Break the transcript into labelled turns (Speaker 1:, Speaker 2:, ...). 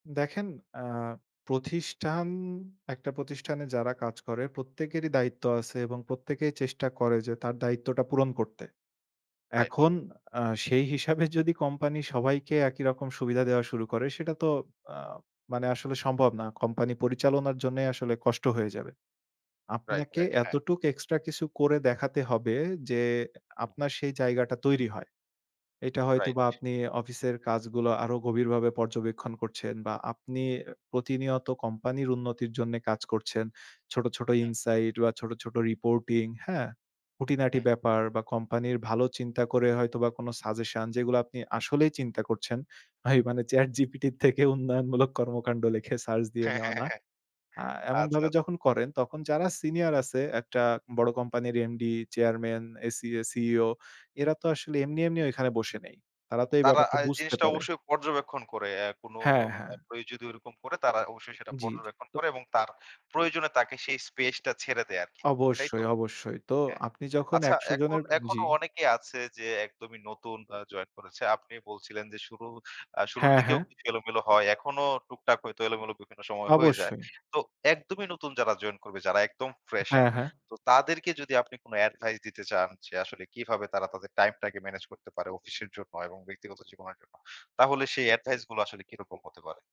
Speaker 1: দেখেন আ প্রতিষ্ঠান, একটা প্রতিষ্ঠানে যারা কাজ করে প্রত্যেকেরই দায়িত্ব আছে এবং প্রত্যেকেই চেষ্টা করে যে, তার দায়িত্বটা পূরণ করতে।
Speaker 2: রাইট।
Speaker 1: এখন আ সেই হিসাবে যদি কোম্পানি সবাইকে একই রকম সুবিধা দেওয়া শুরু করে, সেটা তো আ মানে আসলে সম্ভব না। কোম্পানি পরিচালনার জন্যই আসলে কষ্ট হয়ে যাবে।
Speaker 2: রাইট,
Speaker 1: আপনাকে
Speaker 2: রাইট। হ্যাঁ।
Speaker 1: এতটুক এক্সট্রা কিছু করে দেখাতে হবে যে,
Speaker 2: হুম।
Speaker 1: আপনার সেই জায়গাটা তৈরি হয়। এটা হয়তোবা
Speaker 2: রাইট।
Speaker 1: আপনি অফিসের কাজগুলো, আরো গভীরভাবে পর্যবেক্ষণ করছেন বা আপনি প্রতিনিয়ত কোম্পানির উন্নতির জন্যে কাজ করছেন। ছোট, ছোট
Speaker 2: হ্যাঁ।
Speaker 1: ইনসাইড বা ছোট, ছোট রিপোর্টিং, হ্যাঁ? খুঁটিনাটি
Speaker 2: হ্যাঁ।
Speaker 1: ব্যাপার বা কোম্পানির ভালো চিন্তা করে হয়তোবা কোন সাজেশন, যেগুলো আপনি আসলেই চিন্তা করছেন। ভাই, মানে চ্যাটজিপিটি থেকে উন্নয়নমূলক কর্মকাণ্ড লিখে সার্চ দিয়ে
Speaker 2: হ্যাঁ,
Speaker 1: নেওয়া
Speaker 2: হ্যাঁ,
Speaker 1: না।
Speaker 2: হ্যাঁ।
Speaker 1: আ
Speaker 2: আচ্ছা,
Speaker 1: এমনভাবে
Speaker 2: আচ্ছা।
Speaker 1: যখন করেন, তখন যারা সিনিয়র আছে, একটা বড় কোম্পানির এমডি, চেয়ারম্যান, এসিএ, সিইও এরা তো আসলে এমনি, এমনি ঐখানে বসে নেই। তারা তো এই
Speaker 2: তারা
Speaker 1: ব্যাপারটা
Speaker 2: এই
Speaker 1: বুঝতে
Speaker 2: জিনিসটা
Speaker 1: পারে।
Speaker 2: অবশ্যই পর্যবেক্ষণ করে। এ কোনো
Speaker 1: হ্যাঁ, হ্যাঁ।
Speaker 2: কেউ যদি ওরকম করে, তারা অবশ্যই সেটা
Speaker 1: জি, জি।
Speaker 2: পর্যবেক্ষণ
Speaker 1: তো
Speaker 2: করে এবং তার প্রয়োজনে তাকে সেই স্পেসটা ছেড়ে দেয় আরকি। এটাই তো?
Speaker 1: অবশ্যই, অবশ্যই। তো
Speaker 2: হ্যাঁ।
Speaker 1: আপনি যখন
Speaker 2: আচ্ছা
Speaker 1: ১০০
Speaker 2: এখন
Speaker 1: জনের জি।
Speaker 2: এখনো অনেকে আছে যে, একদমই নতুন আ জয়েন করেছে। আপনি বলছিলেন যে, শুরু আ শুরুর
Speaker 1: হ্যাঁ,
Speaker 2: দিকেও
Speaker 1: হ্যাঁ।
Speaker 2: কিছু এলোমেলো হয়। এখনও টুকটাক হয়তো এলোমেলো বিভিন্ন সময় হয়ে যায়।
Speaker 1: অবশ্যই।
Speaker 2: তো একদমই নতুন যারা জয়েন করবে, যারা একদম
Speaker 1: হ্যাঁ,
Speaker 2: ফ্রেশার,
Speaker 1: হ্যাঁ।
Speaker 2: তো তাদেরকে যদি আপনি কোন এডভাইস দিতে চান, যে আসলে কিভাবে তারা তাদের টাইমটাকে মেনেজ করতে পারে অফিসের জন্য এবং ব্যক্তিগত জীবনের জন্য, তাহলে সেই এডভাইসগুলো আসলে কিরকম হতে পারে?